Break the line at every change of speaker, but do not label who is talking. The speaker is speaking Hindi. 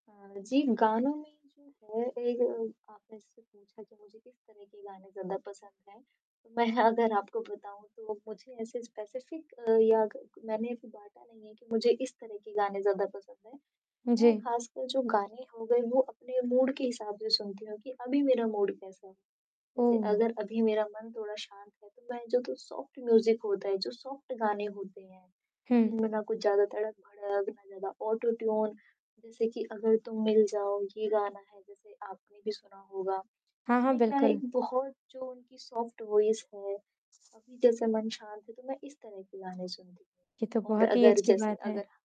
अ, जी गानों में जो है एक आपने जैसे पूछा कि मुझे किस तरह के गाने ज़्यादा पसंद हैं, तो मैं अगर आपको बताऊँ तो मुझे ऐसे स्पेसिफिक या कक मैंने बाँटा नहीं है कि मुझे इस तरह के गाने ज़्यादा पसंद हैं, मैं
जी।
खासकर जो गाने हो गए वो अपने मूड के हिसाब से सुनती हूँ कि अभी मेरा मूड कैसा है, जैसे
ओह!
अगर अभी मेरा मन थोड़ा शांत है तो मैं जो कि सॉफ्ट म्यूज़िक होता है, जो सॉफ्ट गाने होते हैं,
हुँ।
जिनमें ना कुछ ज़्यादा तड़क-भड़क, ना ज़्यादा ऑटो ट्यून जैसे कि "अगर तुम मिल जाओ" ये गाना है, जैसे आपने भी सुना होगा,
हाँ, हाँ।
इसमें क्या है एक
बिल्कुल।
बहुत जो उनकी सॉफ्ट वॉइस है अभी जैसे मन शांत है तो मैं इस तरह के गाने सुनती
ये तो
हूँ और
बहुत ही
अगर
अच्छी
जैसे
बात है।
अगर